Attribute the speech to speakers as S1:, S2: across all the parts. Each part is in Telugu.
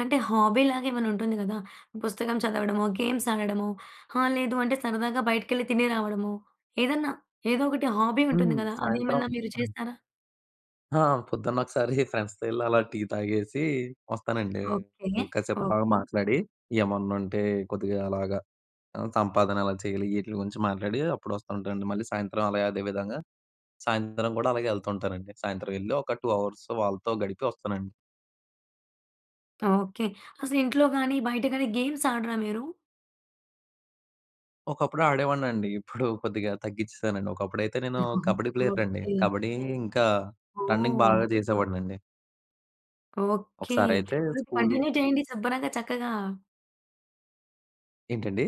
S1: అంటే హాబీ లాగా మరుంటుంది గదా! పుస్తకం చదవడము, గేమ్స్ ఆడడము, ఆ! లేదు అంటే సరదాగా బయటికెళ్లి తిని రావడము, ఏదన్నా ఏదో ఒకటి హాబీ ఉంటుంది
S2: హ్మ్.
S1: గదా!
S2: సాయంత్రం
S1: అదేమన్నా మీరు
S2: పని.
S1: చేస్తారా?
S2: ఆ! పొద్దున్న ఒకసారి ఫ్రెండ్స్‌తో ఎళ్లి అలా టీ తాగేసి వస్తానండి.
S1: ఓకె.
S2: ఇంకా కాసేపు అలాగా
S1: ఓకె.
S2: మాట్లాడి ఏమన్నుంటే కొద్దిగా అలాగా ఆ! సంపాదన ఎలా చేయాలి? ఈటిల గురించి మాట్లాడి అప్పుడు వస్తా ఉంటానండి. మళ్ళీ సాయంత్రం అలాగే అదే విధంగా సాయంత్రం గూడా అలాగే ఎళ్తూ ఉంటానండి. సాయంత్రం వెళ్లి ఒక 2 హవర్స్ వాళ్ళతో గడిపి వస్తానండి.
S1: ఓకె. అసలు ఇంట్లో గానీ, బయట గానీ, గేమ్స్ ఆడరా మీరు?
S2: ఒకప్పుడు ఆడేవాడినండి. ఇప్పుడు కొద్దిగా తగ్గిచ్చేశానండి. ఒకప్పుడైతే నేను కబడ్డీ ప్లేయర్‌నండి.
S1: ఓకె.
S2: కబడ్డీ ఇంకా, రన్నింగ్
S1: ఓహ్!
S2: బాగా జేసేవాడినండి.
S1: ఓకె.
S2: ఒకసారయితే
S1: అలాగే
S2: స్కూలు
S1: కంటిన్యూ జేయండి శుభ్రంగా. చక్కగా.
S2: ఏంటండి?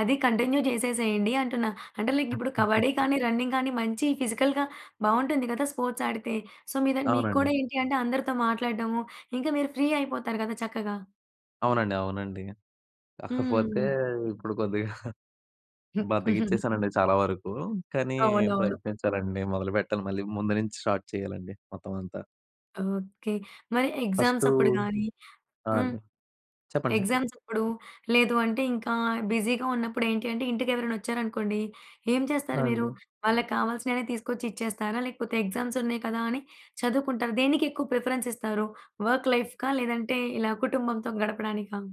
S1: అది కంటిన్యూ జేసేసేయండి అంటున్న. అంటే లైక్ ఇప్పుడు కబడ్డీ గానీ, రన్నింగ్ గానీ, మంచి ఫిజికల్‌గా బావుంటుంది గదా! స్పోర్ట్స్ ఆడితే. సో మీదని మీకు
S2: అవునండి.
S1: కూడా ఏంటి అంటే అందరితో మాట్లాడడము ఇంకా మీరు ఫ్రీ అయిపోతారు గదా! చక్కగా.
S2: అవునండి. అవునండి. కాపోతే
S1: హ్మ్.
S2: ఇప్పుడు కొద్దిగా బద్ధగిచ్చేశానండి చాలా వరకు. కానీ
S1: అవునవును.
S2: ప్రయత్నించాలండి, మొదలుపెట్టాలి మళ్ళీ, ముందు నుంచి స్టార్ట్ చేయాలండి మొత్తం అంతా.
S1: ఓకె. మరి ఎగ్జామ్స్
S2: ఫస్టూ
S1: అప్పుడు గానీ,
S2: ఆ!
S1: హ్మ్.
S2: అండి. చెప్పండి. చెప్పండి.
S1: ఎగ్జామ్స్ అప్పుడు. లేదు అంటే ఇంకా బిజీగా ఉన్నప్పుడేంటంటే ఇంటికి ఎవరైనా వచ్చారు అనుకోండి, ఏం
S2: ఆ!
S1: చేస్తారు మీరు?
S2: అండి.
S1: వాళ్ళకి కావాల్సినవి తీసుకొచ్చి ఇచ్చేస్తారా? లేకపోతే, ఎగ్జామ్స్ ఉన్నాయి కదా! అని చదువుకుంటారా? దేనికి ఎక్కువ ప్రిఫరెన్స్ ఇస్తారు. వర్క్ లైఫ్‌కా? లేదంటే ఇలా కుటుంబంతో గడపడానికా?